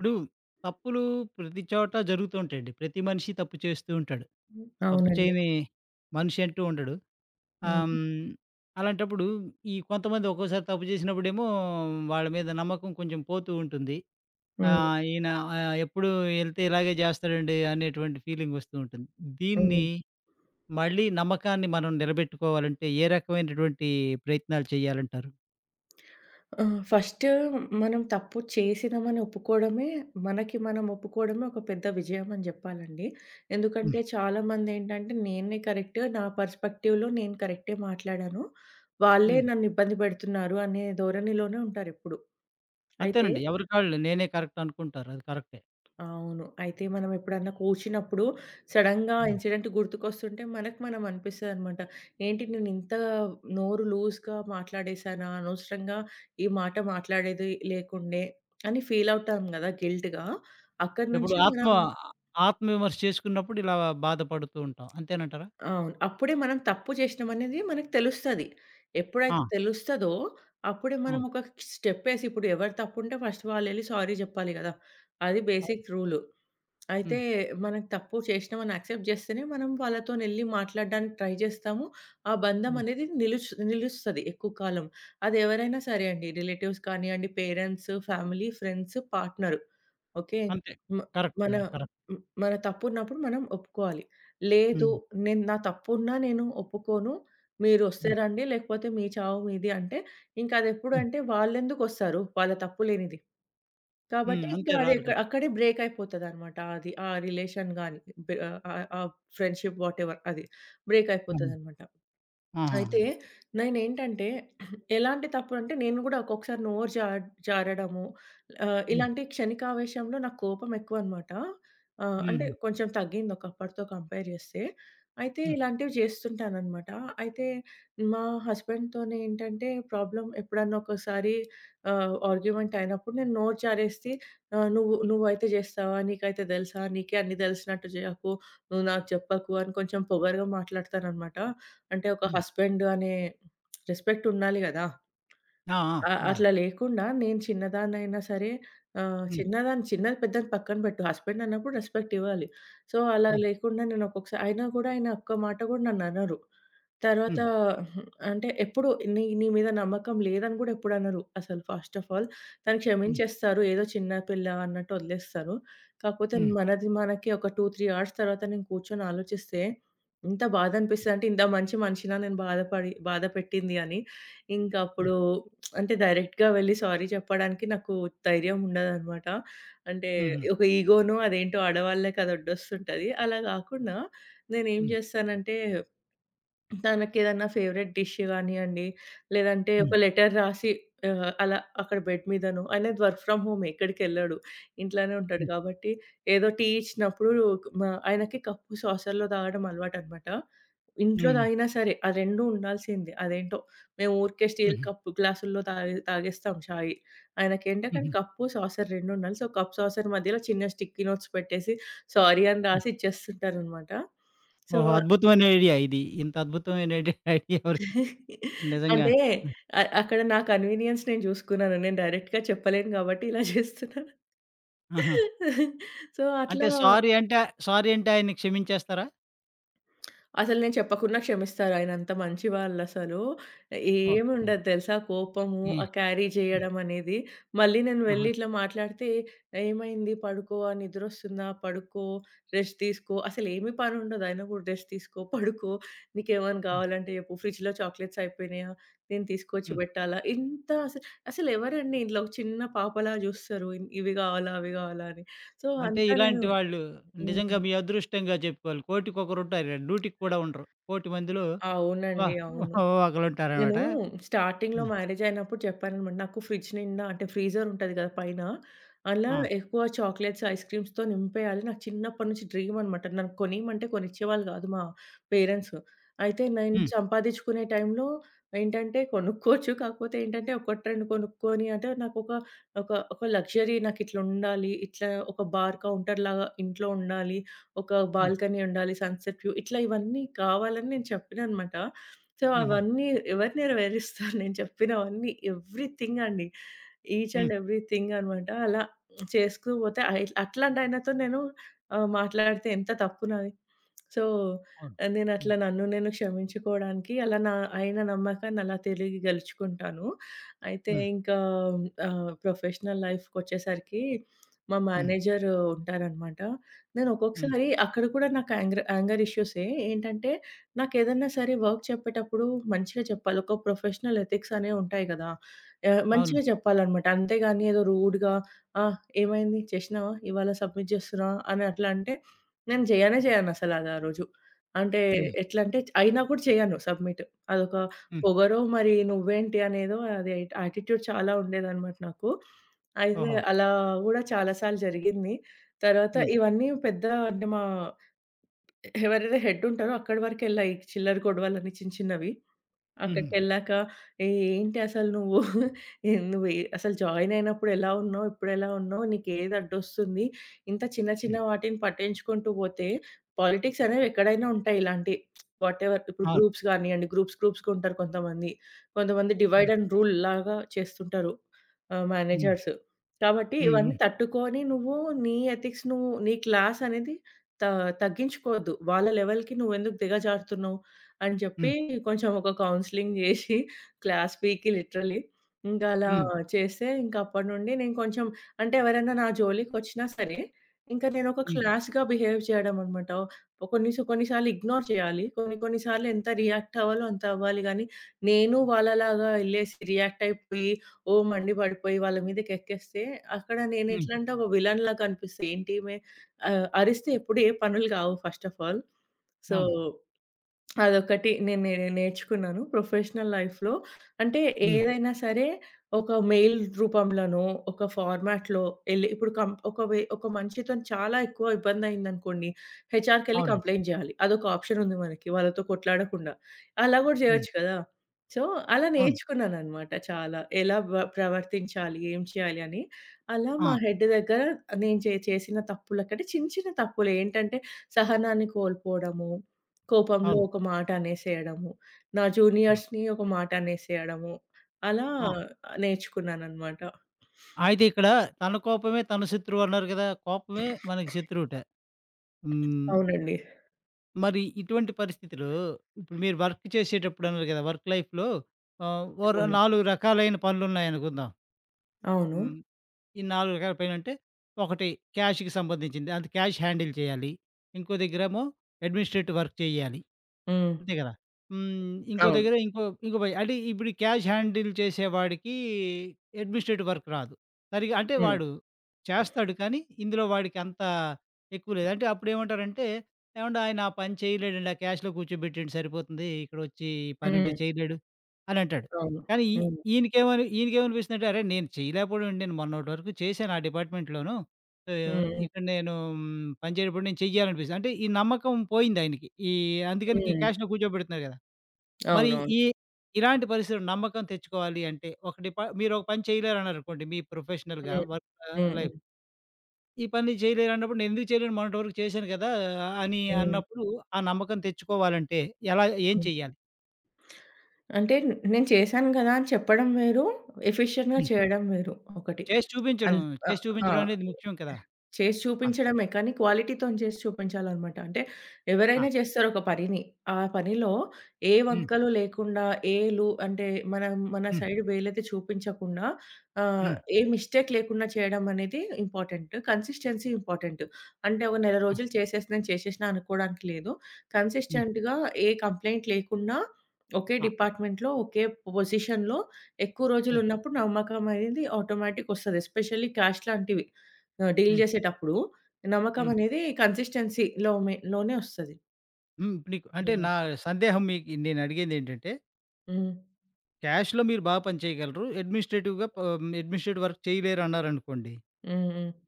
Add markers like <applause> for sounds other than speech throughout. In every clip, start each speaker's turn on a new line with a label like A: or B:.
A: ఇప్పుడు, తప్పులు ప్రతి చోట జరుగుతూంటాయండి. ప్రతి మనిషి తప్పు చేస్తూ ఉంటాడు.
B: హ్మ్.
A: తప్పు
B: అవునండీ.
A: చేయని మనిషి అంటూ ఉండడు. ఆహ్‌,
B: హుహు.
A: హ్మ్, అలాంటప్పుడు ఈ కొంతమంది ఒక్కోసారి తప్పు చేసినప్పుడేమో, వాళ్ళ మీద నమ్మకం కొంచెం పోతూ ఉంటుంది.
B: హ్మ్.
A: ఆహ్, ఈయన ఆహ్, ఎప్పుడు ఏళ్తే ఇలాగే చేస్తాడండి అనేటువంటి ఫీలింగొస్తూ ఉంటుంది. దీన్ని
B: హ్మ్.
A: మళ్ళీ నమ్మకాన్ని మనం నిలబెట్టుకోవాలంటే, ఏ రకమైనటువంటి ప్రయత్నాలు చేయాలంటారు?
B: ఆ! ఫస్టు మనం తప్పు చేసినామని ఒప్పుకోవడమే మనకి మనం ఒప్పుకోవడమే ఒక పెద్ద విజయమని జేప్పాలండి.
A: హ్మ్.
B: ఎందుకంటే చాలా మంది ఏంటంటే, నేనే కరెక్టు నా పెర్స్పెక్టివ్‌లో నేను కరెక్టే మాట్లాడాను. వాళ్ళే
A: హ్మ్.
B: నన్ను ఇబ్బంది పెడుతున్నారు అనే ధోరణిలోనే ఉంటారెప్పుడు. అయితే
A: అంతేనండి ఎవరికాళ్ళు నేనే కరెక్ట్ అనుకుంటారు. అది కరెక్టే.
B: అవును. అయితే మనమేప్పుడైనా కోషీనప్పుడు సడెన్‌గా
A: హ్మ్.
B: ఇన్సిడెంట్ గుర్తుకొస్తుంటే, మనకు మనం అనిపిస్తదన్నమాట, ఏంటి నేను ఇంత నోరు లూజ్‌గా మాట్లాడేసానా, అనవసరంగా ఈ మాట మాట్లాడేది లేకుండే అని ఫీలవుతాం కదా! గిల్ట్‌గా అక్కడి
A: ఎప్పుడు
B: నుంచి
A: ఆత్మ
B: మనం
A: ఆత్మ విమర్శ చేసుకున్నప్పుడు, ఇలా బాధపడుతూ ఉంటాం అంతేనంటారా?
B: అవును. అప్పుడే మనం తప్పు చేసినామనేది మనకి తెలుస్తది. ఎప్పుడైతే
A: ఆ!
B: తెలుస్తదో, అప్పుడే
A: ఆ!
B: మనం ఒక స్టెప్పేసి, ఇప్పుడెవరు తప్పుంటే, ఫస్ట్ వాళ్ళెళ్లి సారీ చెప్పాలి కదా! అది
A: అవ్
B: బేసిక్ రూలు. అయితే,
A: హ్మ్.
B: మనం తప్పు చేసినామని యాక్సెప్ట్ జేస్తేనే మనం వాళ్ళతో నేళ్లి మాట్లాడడానికి ట్రై జేస్తాము, ఆ
A: హ్మ్.
B: బంధమనేది నిలూస్ నిలుస్తది ఎక్కువ కాలం. అదేవరైనా సరే అండి, రిలేటివ్స్ కానివ్వండి, parents, family, friends, partner okay.
A: అంతే
B: మ
A: కరెక్టే
B: మన
A: నండి. కరెక్ట్.
B: హ్మ్. మన తప్పున్నప్పుడు మనం ఒప్పుకోవాలి. లేదు
A: హ్మ్.
B: నేను నా తప్పున్నా నేను ఒప్పుకోను, మీరోస్తే
A: హ్మ్.
B: రండి, లేకపోతే మీ చావు మీది అంటే, ఇంకా అది
A: హ్మ్.
B: ఎప్పుడేంటే వాలేందుకొస్తారు? వాళ్ళ తప్పు లేనిది.
A: హ్మ్.
B: కాబట్టి ఇంకా
A: అంతే
B: అది
A: రారు కదా!
B: అక్కడే బ్రేకైపోతదన్నమాట అది, ఆ రిలేషన్ గాని, బే ఆహ్, ఆహ్, ఫ్రెండ్‌షిప్ వాటెవర్ అది.
A: ఆహా!
B: బ్రేకయిపోతదన్నమాట.
A: ఆహాహా!
B: అయితే నైనేంటంటే <coughs> ఎలాంటి తప్పు అంటే, నేను గూడా ఒక్కొక్కసారి నోరు జా జారడము ఆహ్,
A: హ్మ్.
B: ఇలాంటి క్షణికావేశంలో, నాకు కోపం ఎక్కువన్నమాట, ఆహ్, అంటే
A: హుహు.
B: కొంచెం తగ్గింది ఒకప్పటితో కంపేర్ చేస్తే. అయితే
A: హ్మ్.
B: ఇలాంటివి జేస్తుంటానన్నమాట, అయితే మా హస్బాండ్‌తోనేటంటే ప్రాబ్లమ్, ఎప్పుడన్నా ఒకోసారి ఆహ్, ఆర్గ్యుమెంటైయినప్పుడు నేను నోరు జారేసి ఆహ్, నువ్వు నువ్వయితే జేస్తావా, నీకైతే దేలుసా, నీకే అన్ని దేలిసినట్టు చేయకు, నువ్వు నాకు చెప్పకు, అని కొంచెం పొగరుగా మాట్లాడతాననమాట. అంటే ఒక
A: హ్మ్.
B: హస్బెండు అనే రెస్పెక్టుండాలి గాదా!
A: ఆ! ఆ!
B: ఆ!
A: ఉండాలి.
B: అట్లా లేకుండా నేను చిన్నదాన్నయినా సరే ఆహ్,
A: హ్మ్.
B: చిన్నదాన్ని చిన్నది, పెద్దది పక్కన పెట్టు, హస్బెండన్నప్పుడు రెస్పెక్టివ్వాలి. సో, అలా
A: ఆ!
B: లేకుండా నేను ఒకొక్కసా అయినా కూడా ఆయన ఒక్క మాట కూడా నన్ననరు. తర్వాత
A: హ్మ్.
B: హ్మ్, అంటే ఎప్పుడు నీ నీ మీద నమ్మకం లేదని కూడా ఎప్పుడు అనరు, అసలు ఫస్ట్ ఆఫ్ ఆల్ తను
A: హ్మ్.
B: క్షమించేస్తారు. ఏదో చిన్న పిల్ల అన్నట్టు వదిలేస్తారు. కాకపోతే
A: హ్మ్.
B: మనది, మనకి ఒక 2, 3 అవర్స్ తరువాత నేను కూర్చొని ఆలోచిస్తే, ఇంత బాధ అనిపిసంటే, ఇంత మంచి మనిషిన నేను బాధపడి బాధ పెట్టింది అని. ఇంకా
A: హ్మ్.
B: అప్పుడు <smacks lips> అంటే, డైరెక్ట్‌గా వెళ్లి సారీ చెప్పడానికి నాకు ధైర్యముండదన్నమాట. అంటే
A: హూహూ.
B: ఒక ఇగో‌నో, అదేంటో ఆడవాళ్ళకి అదడోస్తుంటది. అలా గాకుండా నేనేం
A: హ్మ్.
B: జేస్తానంటే, తనకేదైనా ఫేవరైట్ డిష్ గానియండి, లేదంటే
A: హ్మ్.
B: ఒక లెటర్ రాసి ఆహ్, అలా అక్కడ బెడ్ మీదనో ఆయనది వర్క్ ఫ్రామ్ హోమే ఎక్కడికెళ్ళడు ఇంట్లోనే ఉంటాడు.
A: హ్మ్.
B: కాబట్టి ఏదో టీ ఇచ్చినప్పుడు కు మా ఆయనకి కప్పు సాసర్‌లో తాగడం అలవాటన్నమాట. ఇంట్లో
A: హుహు.
B: తాగినా సరే, ఆ 2 ఉండాల్సిందే. అదేంటో మేము ఊరికే స్టీలు
A: హుహు.
B: కప్పు గ్లాసులో తాగే తాగేస్తాం ఛాయి, ఆయనకేంటంటే,
A: హుహు.
B: కప్పు, సాసరు రెండుండాలి. సో, కప్పు సాసర్ మధ్యలో చిన్న స్టిక్కీ నోట్స్ పెట్టేసి, సారీ అని
A: హ్మ్.
B: రాసి ఇచ్చేస్తుంటనన్నమాట. సో
A: ఓహో! అద్భుతమైన ఐడియా ఇది. ఇంత అద్భుతమైన ఐడియా, ఐడియా ఎవరికి
B: <chuckles>
A: నిజంగా
B: అంటే
A: ఆ!
B: అ అక్కడ నా కన్వీనియన్స్ నేను జుసుకున్నాను. నేను డైరెక్ట్‌గా చెప్పలేను గాబట్టి, ఇలా జేస్తున్నా.
A: ఆహా!
B: <giggles> సో
A: అంటే
B: అట్లా
A: సారీ అంటే, సారీ అంటే ఆయన్ని క్షమించేస్తారా?
B: అసలు నేను చెప్పకున్నా క్షమిస్తారు. ఆయనంత మంచి వాళ్ళసలు.
A: ఓకే.
B: ఏముండదు తెలుసా? కోపము ఆ
A: ఎహ్,
B: క్యారీ
A: హ్మ్.
B: చేయడమనేది. మళ్ళీ నేను
A: ఆహా!
B: వెళ్లి ఇట్లా మాట్లాడితే, "ఏమైంది? పడుకో, ఆ! నిద్రొస్తుందా? పడుకో, రెస్ట్ తీసుకో, అసలేమి పనుండదు. అయినా కూడా రెస్ట్ తీసుకో, <giggles> పడుకో, నీకేవైనా
A: హ్మ్.
B: గావాలంటే చెప్పు, ఫ్రిడ్జ్‌లో చాక్లెట్స్ అయిపోయినాయా? నేను తీసుకొచ్చి
A: హ్మ్.
B: బెట్టాలా?" ఇంత అస అసలెవరండి? ఇంట్లో ఒక చిన్న పాపలా జూస్తరు. "ఇవి గావాలా? అవి గావాలా?" అని. సో,
A: అంటే
B: అంతా నేను
A: ఇలాంటి వాళ్ళు నిజంగా
B: హ్మ్.
A: మీ అదృష్టంగా చెప్పుకోవాలి. కోటికొకరుంటారు అన్ నూటికి కూడా ఉండరు. కోటి మందిలో
B: అవునండి,
A: వహ్ <giggles>
B: అవును.
A: ఓహ్! ఒకలుంటారనమాట.
B: నేనూ స్టార్టింగ్‌లో
A: హ్మ్.
B: మ్యారేజయినప్పుడు చెప్పాననమాట. నాకు ఫ్రిడ్జ్ నిండా అంటే ఫ్రీజరుంటది కదా పైన, అలా
A: ఆ!
B: ఎక్కువ చాక్లెట్స్, ఐస్‌క్రీమ్స్‌తో నింపేయాలి. నాకు చిన్నప్పటి నుంచి డ్రీమనమాట. నాకు కొనియమంటే కొనిచ్చేవాళ్ళు కాదు మా పేరెంట్స్. అయితే నేను
A: హ్మ్.
B: సంపాదిచ్చుకునే టైంలో ఏంటంటే కొనుక్కోవచ్చు. <giggles> కాకపోతే ఏంటంటే ఒకటి రెండు కొనుక్కొని అంటే నాకొక ఒక ఒక లక్సరీ. నాకిట్లా ఉండాలి, ఇట్లా ఒక బార్ కౌంటర్‌లాగా ఇంట్లో ఉండాలి, ఒక
A: హ్మ్.
B: బాల్కనీ ఉండాలి, సన్‌సెట్ వ్యూ ఇట్లా ఇవన్నీ కావాలని నేను చెప్పిననమాట. సో,
A: హుహు.
B: అవన్నీ ఎవరు నెరవేరుస్తారు? <giggles> నేను చెప్పినవన్నీ ఎవ్రీథింగండి, ఈచ్
A: హ్మ్.
B: అండ్ ఎవ్రీథింగ్ అనమాట. అలా <smacks lips> చేస్తూ పోతే, అయి అట్లాంటి ఆయనతో నేను ఆహ్, మాట్లాడితే ఎంత తప్పు నాది. సో,
A: అవును, హ్మ్.
B: నేనట్లా, నన్ను నేను క్షమించుకోవడానికి అలా నా ఆయన నమ్మకాన్ని అలా తెలియగలుచుకుంటాను. అయితే
A: హ్మ్.
B: ఇంకా ఆహ్, ప్రొఫెషనల్ లైఫ్‌కొచ్చేసరికి మా
A: హ్మ్.
B: మేనేజరు ఉంటారనమాట. నేను
A: హ్మ్.
B: ఒక్కొక్కసారి అక్కడ కూడా నాకు ఆంగ్రా ఆంగర్ ఇష్యూసే. ఏంటంటే నాకేదన్నా సరే, వర్క్ చెప్పేటప్పుడు మంచిగా చెప్పాలి, ఒక ప్రొఫెషనల్ ఎథిక్సనేవుంటాయి కదా! ఆహ్,
A: అవును.
B: మంచిగా చెప్పాలనమాట. అంతేగానీ ఏదో రూడ్‌గా, ఆ! "ఏమైంది? చేషినవా? ఇవాళ సబ్మిట్ జేస్తున్నావా?" అని అట్లా అంటే నేను జేయనే చేయనసల అది ఆ రోజు. అంటే
A: హ్మ్.
B: ఎట్లంటే అయినా కూడా చేయను సబ్మిట్, అదొక
A: హ్మ్.
B: పొగరో మరి, "నువ్వేంటి?" అనేదో అది యాటిట్యూడ్ చాలా ఉండేదనమాట నాకు. అయితే
A: ఓహో!
B: అలా కూడా చాలా సార్లు జరిగింది. తర్వాత
A: హ్మ్.
B: ఇవన్నీ పెద్ద అంటే మా ఎవరైతే హెడ్డుంటారో అక్కడి వరకు వెళ్లాయి, ఈ చిల్లర గొడవలన్నీ చిన్న చిన్నవి.
A: హుహు.
B: అక్కడికెళ్లాక, "ఏహ్! ఏంటి అసలు నువ్వు? <giggles> ఏంది నువ్వు ఏ అసలు జాయినయినప్పుడు ఎలా ఉన్నావు? ఇప్పుడెలా ఉన్నావు? నీకు ఏది అడ్డొస్తుంది? ఇంత చిన్న, చిన్న
A: హ్మ్.
B: వాటిని పట్టించుకుంటూ పోతే పాలిటిక్సనేవి ఎక్కడైనా ఉంటాయి. ఇలాంటి <smacks lips> వాటెవర్. ఇప్పుడు
A: అవును.
B: గ్రూప్స్ కానివ్వండి. గ్రూప్స్ గ్రూప్స్‌గా ఉంటారు కొంతమంది. కొంతమంది
A: అవును.
B: డివైడ్ అండ్ రూల్ లాగా చేస్తుంటారు. ఆహ్,
A: హ్మ్.
B: మేనేజర్స్. కాబట్టి
A: హ్మ్,
B: ఇవన్నీ
A: హ్మ్.
B: తట్టుకోని నువ్వు, నీ ఎథిక్స్, నువ్వు నీ క్లాసనేది త తగ్గించుకోవద్దు. వాళ్ళ లెవెల్‌కి నువ్వెందుకు దిగజారుతున్నావు?" అని
A: హ్మ్.
B: చెప్పి, కొంచెం ఒక కౌన్సెలింగ్ జేషి <giggles> క్లాస్ పీకి లిటరలీ, ఇంకలా
A: హ్మ్.
B: చేస్తే, ఇంకప్పటి నుండి నేను కొంచెం అంటే ఎవరైనా నా జోలికొచ్చినా సరే, ఇంకా నేనోక
A: హ్మ్.
B: క్లాస్‌గా బిహేవ్ చేయడం అనమాట. ఓ కొన్ని సా కొన్ని సార్లు ఇగ్నోర్ చేయాలి. కొన్ని కొన్ని సార్లు ఎంత రియాక్టవ్వాలో అంత అవ్వాలి గానీ నేను వాళ్ళలాగా యెళ్ళేసి, రియాక్టయిపోయి, ఓహ్! మండి పడిపోయి వాళ్ళ మీదకెక్కేస్తే, అక్కడ నేను
A: హ్మ్.
B: ఎట్లంటే ఒక విల్లెన్‌లా కనిపిస్త. "ఏంటీమె?" ఆహ్, అరిస్తే ఎప్పుడు ఏ పనులు గావు ఫస్ట్ ఆఫ్ ఆల్ సో,
A: అవును.
B: <smacks lips> అదొకటి నే నే నేర్చుకున్నాను. ప్రొఫెషనల్ లైఫ్‌లో. అంటే
A: హ్మ్.
B: ఏదైనా సరే ఒక మెయిల్ రూపంలోనో, ఒక ఫార్మాట్‌లో యెళ్లి, ఇప్పుడు కం ఒక వే ఒక మనిషితో‌ని చాలా ఎక్కువ ఇబ్బంది అయిందనుకోండి, హెచ్‌ఆర్‌కెళ్ళి
A: అవునండి.
B: కంప్లెయింట్ జేయాలి. అదొక ఆప్షనుంది మనకి. వాళ్ళతో కొట్లాడకుండా, అలా గూడా
A: హ్మ్.
B: జేయొచ్చు కదా! సో, అలా
A: అవును.
B: నేర్చుకున్నాననమాట చాలా. ఎలా వ ప్రవర్తించాలి, ఏం చేయాలి అని. అలా మా
A: ఆ!
B: హెడ్డు దగ్గర నేను చే చేసిన తప్పులకంటే చిన్న, చిన్న తప్పులు ఏంటంటే, సహనాన్ని కోల్పోవడము, కోపంలో
A: అవును.
B: ఒక మాట అనేసేయడము, నా
A: ఆ!
B: జూనియర్స్‌ని ఒక మాట అనేసేయడము. అలా
A: ఆ!
B: నేర్చుకున్నాననమాట.
A: అయితే ఇక్కడ తన కోపమే తన శత్రువన్నారు కదా! కోపమే మనకి శత్రువుట. హ్మ్.
B: అవునండి.
A: మరి ఇటువంటి పరిస్థితిలో, ఇప్పుడు మీరు వర్కు చేసేటప్పుడన్నారు కదా! వర్క్ లైఫ్‌లో ఆహ్, ఓరొ
B: టేమూన్
A: 4 రకాలైన పనులున్నాయనుకుందాం. హ్మ్.
B: అవును.
A: ఈ 4 రకాల పనంటే, ఒకటి క్యాషుకి సంబంధించింది, అది క్యాష్ హ్యాండిల్ చెయ్యాలి. ఇంకో దగ్గరేమో అడ్మినిస్ట్రేటివ్ వర్క్ చేయ్యాలి,
B: హ్మ్.
A: అంతే గదా! హ్మ్. ఇంకో
B: అవును.
A: దగ్గర ఇంకో ఇంకో పని. అంటే, ఇప్పుడీ క్యాష్ హ్యాండిల్ చేసే వాడికీ అడ్మినిస్ట్రేటివ్ వర్క్ రాదు. సరిగా అంటే,
B: హ్మ్.
A: వాడు
B: <sniffs>
A: చేస్తాడు, కానీ ఇందులో వాడికి అంతా ఎక్కువ లేదు. అంటే, అప్పుడేమంటారంటే, ఏవండాయనా పని చెయలేడండి, ఆ క్యాష్‌లో కూర్చోబెట్టేయండి సరిపోతుందీ, ఇక్కడొచ్చీ ఈ పనంటే
B: హ్మ్.
A: చేయలేడు అనంటాడు,
B: అవును.
A: కానీ ఈ
B: హ్మ్.
A: ఈయనికేమని ఈయనికేమనిపిస్తందంటే, అరేయ్, నేను చెయలేకపోవడవేంటి, నేను మొన్నటి వరకు చేశాను ఆ డిపార్ట్‌మెంట్‌లోను, ఆహ్,
B: హ్మ్.
A: ఇక్కడ నేనూ పనిచేటప్పుడు నేను చెయ్యాలనిపిస్తది. అంటే, ఈ నమ్మకం పోయిందాయినికి. ఈ అందుకని గీ
B: హ్మ్.
A: క్యాష్‌లో కూర్చోబెడుతున్నారు కదా! మరి
B: అవునవును.
A: ఈ, ఇలాంటి పరిస్థితిలో నమ్మకం తెచ్చుకోవాలి అంటే, ఒక డిపా మీరొక పని చెయలేరన్నారనుకోండి మీ ప్రొఫెషనల్‌గా,
B: హ్మ్.
A: వర్కా
B: హుహు.
A: లైఫ్ "ఈ పని నేను జెయలేనన్నప్పుడు నేనెందుకు చెయలేను, మొన్నటి వరకు చేశాను కదా!" అనీ
B: హ్మ్.
A: అన్నప్పుడూ ఆ నమ్మకం తెచ్చుకోవాలంటే ఎలా ఏం
B: హ్మ్.
A: చేయాలి?
B: అంటే, నేను చేశాను గదా! అని చెప్పడం వేరు, ఎఫిషియంట్‌గా
A: హ్మ్.
B: చేయడం వేరు ఒకటి.
A: చేసి చూపించడం.
B: అన్ ఆ!
A: చేసి
B: ఆ!
A: చూపించడవనేది ముఖ్యం కదా!
B: చేసి
A: ఆ!
B: చూపించడమే, కానీ క్వాలిటీతోని చేసి చూపించాలనమాట. అంటే,
A: ఆ!
B: ఎవరైనా జేస్తారొక పనిని, ఆ పనిలో ఏ
A: హ్మ్.
B: వంకలు లేకుండా, ఏ లు అంటే, మనా మన
A: హ్మ్.
B: సైడ్ వేలెత్తి చూపించకుండా, ఆహ్,
A: హ్మ్.
B: ఏ మిస్టేక్ లేకుండా చేయడమనేది ఇంపార్టెంటు, కన్సిస్టెన్సీ ఇంపార్టెంటు. అంటే, ఒక నెల
A: హ్మ్.
B: రోజులు చేసేసినా నేను చేషేషినా అనుకోడానికి లేదు,
A: హ్మ్.
B: కన్సిస్టెంట్‌గా, ఏ కంప్లెయింట్ లేకున్నా, ఒకే
A: ఆ!
B: డిపార్ట్‌మెంట్‌లో, ఒకే పొజిషన్‌లో, ఎక్కువ
A: హ్మ్.
B: రోజులున్నప్పుడు నమ్మకమనేది ఆటోమేటిక్‌గొస్తది. ఎస్పెషల్లీ క్యాష్‌లాంటివి ఆహ్, డీల్
A: హ్మ్.
B: జేసేటప్పుడు
A: హ్మ్.
B: నమ్మకమనేదీ కన్సిస్టెన్సీ‌లోమే లోనే వస్తది.
A: హ్మ్. ఇప్పుడు నీకు అంటే,
B: యాహ్!
A: నా సందేహం మీకి నేనడిగిందేంటంటే
B: హ్మ్.
A: క్యాష్‌లో మీరు బా పని చెయగలరు, ఎడ్మినిస్ట్రేటివ్‌గా పా ఎడ్మినిస్ట్రేటివ్ వర్క్ చెయలేరు అన్నారనుకోండి
B: హ్మ్. హ్మ్.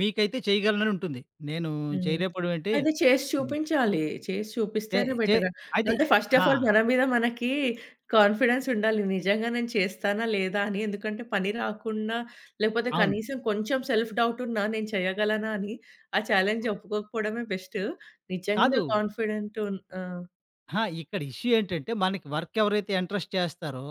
A: మీకైతే చెయగలననుంటుంది. నేనూ
B: హ్మ్.
A: చెయలేపోవడవేంటి
B: అయితే చేషి
A: హ్మ్.
B: చూపించాలి. చేసి
A: చె
B: చూపిస్తేనే
A: చె
B: బెటర.
A: అది,
B: లేపోతే, ఫస్ట్
A: ఆ!
B: ఆఫ్ ఆల్ మన మీద మనకీ కాన్ఫిడెన్సుండాలి, నిజంగా నేను చేస్తానా, లేదా అని. ఎందుకంటే, పని రాకుండా లేకపోతే
A: అవును.
B: కనీసం కొంచెం సెల్ఫ్ డౌటున్నా నేను చెయ్యగలనా అని, ఆ ఛాలెంజ్ ఒప్పుకోకపోడమే బెస్ట్. నిజంగా
A: కాదు.
B: కాన్ఫిడెంటు ఆ!
A: ఆ! ఇక్కడ ఇష్యూ ఏంటంటే, మనకి వర్కెవరైతే ఇంట్రెస్ట్ చేస్తారో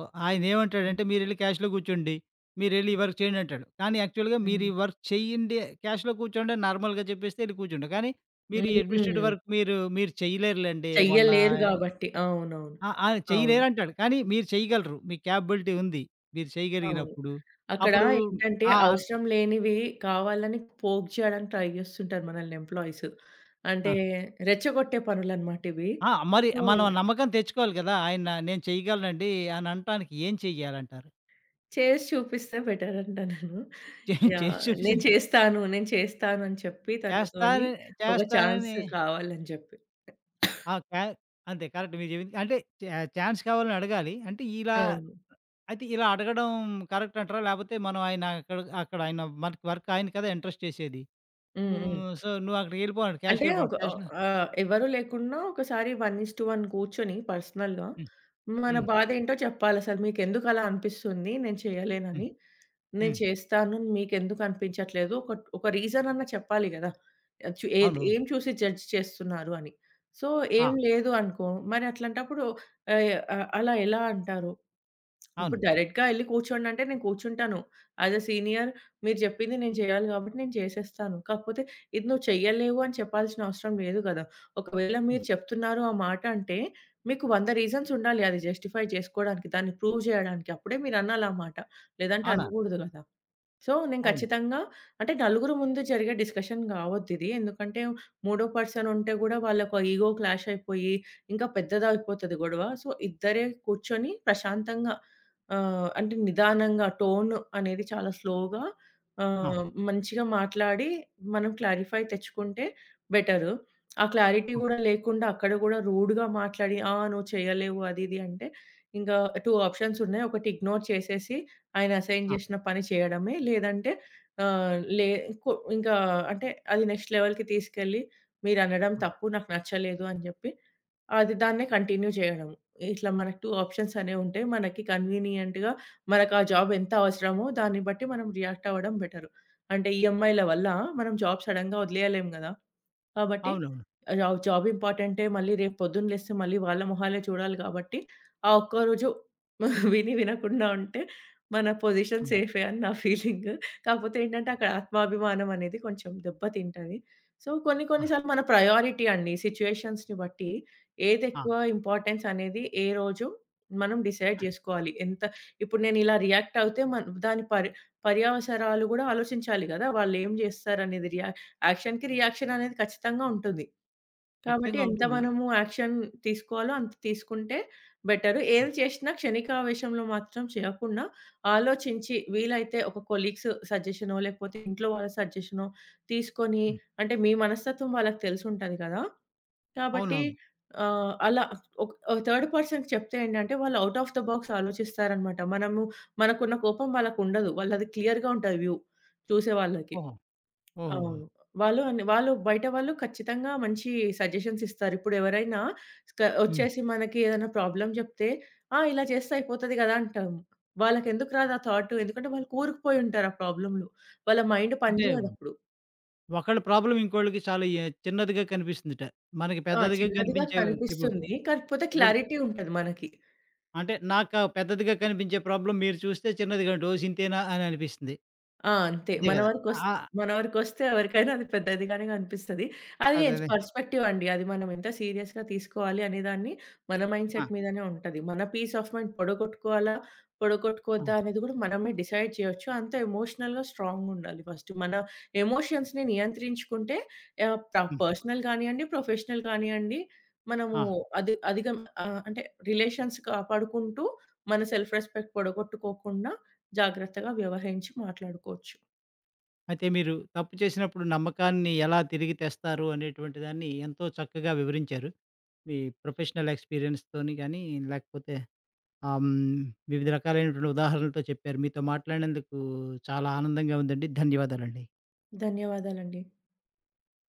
B: హ్మ్.
A: ఆయనేవంటాడంటే, మీరెళ్లి క్యాష్‌లో గూర్చోండి, మీరెళ్లి ఈ
B: <unintelligible>
A: వర్క్ చెయ్యండంటాడు, కానీ యాక్చువల్‌గా
B: హ్మ్.
A: మీరీ వర్క్ చెయ్యండి, క్యాష్‌లో కూర్చోండని నార్మల్‌గా జెప్పేస్తే, యెళ్లి కూర్చుంటా, కానీ మీరీ ఎడ్మినిస్ట్రేటివ్
B: హ్మ్.
A: వర్క్ మీరూ మీరు చెయ్యలేరులేండి, మొన్నా
B: చెయ్యలేరు
A: య్
B: గాబట్టి. అవునవును.
A: ఆ! ఆ!
B: అవును.
A: చెయ్యలేరంటాడు, కానీ మీరు చెయ్యగలరు, మీకు కేపబులిటీ ఉంది. మీరు
B: అవును.
A: చెయగలిగినప్పుడు
B: అక్కడా
A: అప్పుడూ
B: ఏంటంటే,
A: ఆ!
B: అవసరం లేనివీ కావాలని పోక్ చెయడానికి ట్రై చేస్తుంటారు మనల్ని ఎంప్లాయిస్. అంటే,
A: ఆ!
B: రెచ్చగొట్టే పనులనమాటివీ.
A: ఆ! మరి
B: సో
A: మనం నమ్మకం తెచ్చుకోవాలి గదా! ఆయన, నేను చెయగలనండీ అనంటానికి ఏం చెయ్యాలంటారు?
B: చేసి చూపిస్తే బెటరంట నేను.
A: చే చేసి
B: యాహ్! నేను
A: చూపిస్తాను.
B: చేస్తాను, నేను చేస్తాను అని చెప్పి తనతోని,
A: చేస్తానని,
B: ఒక
A: చేస్తానని
B: ఛాన్సు కావాలని జెప్పి.
A: ఆ!
B: <coughs>
A: కా అంతే. కరెక్ట్ మీరు జెప్పింది. అంటే, ఛా ఛాన్స్ కావాలనడగాలి. అంటే, ఇలా
B: అవును.
A: అయితే ఇలా అడగడం కరెక్టంటరా? లేపోతే మనం ఆయనా అక్కడ అక్కడాయనా మర్క్ వర్క్ ఆయన కదా ఇంట్రెస్ట్ చేసేది.
B: హ్మ్. హ్మ్.
A: హ్మ్, సో, నువ్వుక్కడికెళ్ళిపో అన్నాడు,
B: అంటే,
A: క్యాష్‌కెవెళ్ళిపోన
B: ఒక ఆహ్,
A: క్యాషెన
B: ఆహ్, ఎవరు లేకున్నా ఒకసారి 1:1 కూర్చొని పర్సనల్‌గా,
A: హ్మ్,
B: మన
A: హ్మ్.
B: బాధేంటో చెప్పాలసలు. మీకెందుకలా అనిపిస్తుంది, నేను
A: హ్మ్.
B: చెయ్యలేనని నేను
A: హ్మ్.
B: చేస్తాను మీకెందుకనిపించట్లేదో ఒకట్ ఒక రీజనన్నా చెప్పాలి గదా! ఆహ్, చు ఏది,
A: అవును.
B: ఏం చూసి జడ్జ్ చేస్తున్నారు అని. సో, ఏం
A: ఆ!
B: లేదు అనుకో, మరట్లాంటప్పుడూ ఆహ్, అలా ఎలా అంటారు. <smacks lips> ఇప్పుడు
A: అవును.
B: డైరెక్ట్‌గా యెళ్లి కూర్చోండంటే, నేను కూర్చుంటాను. యాజ్ ఏ సీనియర్ మీరు జెప్పింది నేను చెయ్యాలి గాబట్టి నేను చేసేస్తాను. కాకపోతే, ఇది నువ్వు చెయ్యలేవు అని చెప్పాల్సినవసరం లేదు గదా! ఒకవేళ
A: హ్మ్.
B: మీరు చెప్తున్నారు ఆ మాట అంటే, మీకు 100 రీజన్సుండాలి అది జస్టిఫై చేసుకోడానికి, దాన్ని ప్రూవ్ జెయడానికి. అప్పుడే మీరనాలామాట, లేదంటే
A: అవునా?
B: అనగూడదు గదా! సో, నేను
A: అవును.
B: ఖచ్చితంగా అంటే, నలుగురు ముందు జరిగే డిస్కషన్ గావొద్దిదీ. ఎందుకంటే, మూడో పర్సనుంటే గూడా వాళ్ళకు ఆ ఇగో క్లాషయిపోయి, ఇంకా పెద్దదయిపోతది గొడవ. సో, ఇద్దరే కూర్చొని ప్రశాంతంగా ఆహ్, అంటే, నిదానంగా, టోను అనేది చాలా స్లోగా,
A: ఆ!
B: ఆహ్, మంచిగా మాట్లాడీ, మనం క్లారిఫై తెచ్చుకుంటే బెటరు. <smacks lips> ఆ క్లారిటీ
A: హ్మ్.
B: గూడా లేకుండా, అక్కడ గూడా రూడుగా మాట్లాడి, ఆ! నువ్వు చెయ్యలేవు, అది ఇది అంటే, ఇంకా 2 ఆప్షన్సున్నాయి. ఒకటి ఇగ్నోర్ చేసేసి, ఆయన అసైన్
A: ఆ!
B: జేషిన పని జెయడమే, లేదంటే ఆహ్, లే కొ ఇంకా అంటే, అది నెక్స్ట్ లెవెల్‌కి తీసుకెళ్ళి, "మీరనడం
A: హ్మ్.
B: తప్పు, నాకు నచ్చలేదు" అని జెప్పి, అది దాన్నే కంటిన్యూ జెయ్యడం. ఇట్లా మనకు 2 ఆప్షన్సనేవుంటయి. మనకి కన్వీనియంట్‌గా, మనకా జాబెంత అవసరమో, దాన్ని బట్టి మనం రియాక్టవ్వడం బెటరు. అంటే, ఈఎం‌ఐల వల్లా మనం జాబ్ సడన్‌గా ఒదిలెయ్యలేం గదా! కాబట్టి,
A: అవునవును.
B: ఆహ్, జాబ్ జాబింపార్టెంటే, మళ్ళి రేపు పొద్దున లేస్తే మళ్ళీ వాళ్ళ మొహాలే చూడాలి గాబట్టి, ఆ ఒక్క రోజు <giggles> విని, వినకుండా ఉంటే మన పొజిషన్
A: హ్మ్.
B: సేఫే అని నా ఫీలింగ్. కాపోతే ఏంటంటే, అక్కడ ఆత్మాభిమానమనేది కొంచెం దెబ్బ తింటది. సో, కొన్ని కొన్ని
A: ఆ!
B: సార్లు మన ప్రయారిటీ అండి సిచ్యువేషన్స్‌ని బట్టి.
A: ఆ!
B: ఏదెక్కువా ఇంపార్టెన్సనేది, ఏ రోజు మనం డిసైడ్
A: ఆ!
B: జేసుకోవాలి. ఎంత ఇప్పుడు నేనిలా రియాక్టవుతే, మన్ దాని పర్ పర్యవసరాలు గూడా ఆలోచించాలి గదా! వాళ్ళేం జేస్తారనేది రియా యాక్షన్‌కి రియాక్షననేది ఖచ్చితంగా ఉంటుంది. కాబట్టి,
A: ఖచ్చితంగా
B: ఎంత
A: ఉంటుంది. అ
B: మనము యాక్షన్ తీసుకోవాలో అంత తీసుకుంటే బెటరు.
A: హ్మ్.
B: ఏది చేషినా క్షణికావేశంలో మాత్రం చెయ్యకుండా, ఆలోచించి, వీలైతే ఒక కొలీగ్స్ సజెషనో, లేకపోతే ఇంట్లో వాళ్ళ సజెషనో తీసుకొనీ,
A: హ్మ్.
B: అంటే, మీ మనస్తత్వం వాళ్ళకి తెలిసుంటది గదా! కాబట్టి,
A: అవునవును.
B: ఆహ్, అలా ఒక్ ఆహ్, థర్డ్ పర్సన్‌కి చెప్తే ఏంటంటే, వాళ్ళు ఔట్ ఆఫ్ ద బాక్స్ ఆలోచిస్తారనమాట. మనము మనకున్న కోపం వాళ్ళకుండదు, వాళ్ళది క్లియర్‌గా ఉంటది వ్యూ చూసే వాళ్ళకి.
A: ఓహో! ఓహోహో!
B: అవును. వాళ్ళు అన్ వాళ్ళు బయట వాళ్ళు ఖచ్చితంగా మంచీ సజెషన్సిస్తారు. ఇప్పుడెవరైనా స్క
A: హ్మ్.
B: ఒచ్చేసి, మనకి ఏదన్నా ప్రాబ్లమ్ జెప్తే, ఆ! ఇలా చేస్తే అయిపోతది గదా! అంటాం. వాళ్ళకెందుకు రాదు ఆ థాట్, ఎందుకంటే, వాళ్ళు కూరుకుపోయుంటారు ఆ ప్రాబ్లమ్‌లో. వాళ్ళ మైండ్ పని
A: అంటే,
B: జెయదప్పుడు.
A: ఒకళ్ళ ప్రాబ్లమ్ ఇంకోళ్ళకి చాలా ఎ చిన్నదిగా కనిపిస్తుందట. మనకి
B: ఆ!
A: పెద్దదిగా
B: చిన్నదిగా
A: కనిపించేవి ఇపు
B: కనిపిస్తుందీ. కాకపోతే
A: ఇపుడ్
B: క్లారిటీ ఉంటది మనకి.
A: అంటే, నాకా పెద్దదిగా కనిపించే ప్రాబ్లమ్ మీరు చూస్తే చిన్నదిగుంటది. ఓసింతేనా అననిపిస్తుంది.
B: ఆ! అంతే.
A: అంతే
B: మన
A: గదా!
B: వరుకొస్
A: ఆ!
B: మన వరుకొస్తే ఎవరికైనా అది పెద్దదిగానే కనిపిస్తది. అది యెస్.
A: అదదే.
B: పెర్‌స్పెక్టివండి. అది మనమెంత సీరియస్‌గా తీసుకోవాలి అనే దాన్ని, మన మైండ్‌సెట్
A: ఆ!
B: మీదనే ఉంటది. మన పీస్ ఆఫ్ మైండ్ పడగొట్టుకోవాలా,
A: ఆ!
B: పడగొట్టుకోవద్దా అనేది గూడా మనమే డిసైడ్ చెయొచ్చు. అంత ఎమోషనల్‌గా, స్ట్రాంగుండాలి ఫస్ట్. మన ఎమోషన్స్‌ని నియంత్రించుకుంటే, యాహ్! ప్ర
A: హ్మ్.
B: పర్సనల్ గానియ్యండి, ప్రొఫెషనల్ కానియ్యండి, మనమూ
A: ఆ!
B: అధి అధిగం ఆహ్, అంటే, రిలేషన్స్ కాపాడుకుంటూ, మన సెల్ఫ్ రెస్పెక్ట్ పడగొట్టుకోకుండా జాగ్రత్తగా వ్యవహరించి మాట్లాడుకోచ్చు.
A: అయితే, మీరు తప్పు చేసినప్పుడు నమ్మకాన్ని ఎలా తిరిగి తెస్తారు. అనేటువంటి దాన్నీ ఎంతో చక్కగా వివరించారు. మీ ప్రొఫెషనల్ ఎక్స్‌పీరియన్స్‌తోని గానీ, లేకపోతే ఆహ్, హ్మ్, వివిధ రకాలైనటువంటి ఉదాహరణలతో చెప్పారు. మీతో మాట్లాడినందుకూ చాలా ఆనందంగా ఉందండి. ధన్యవాదాలండి.
B: ధన్యవాదాలండి.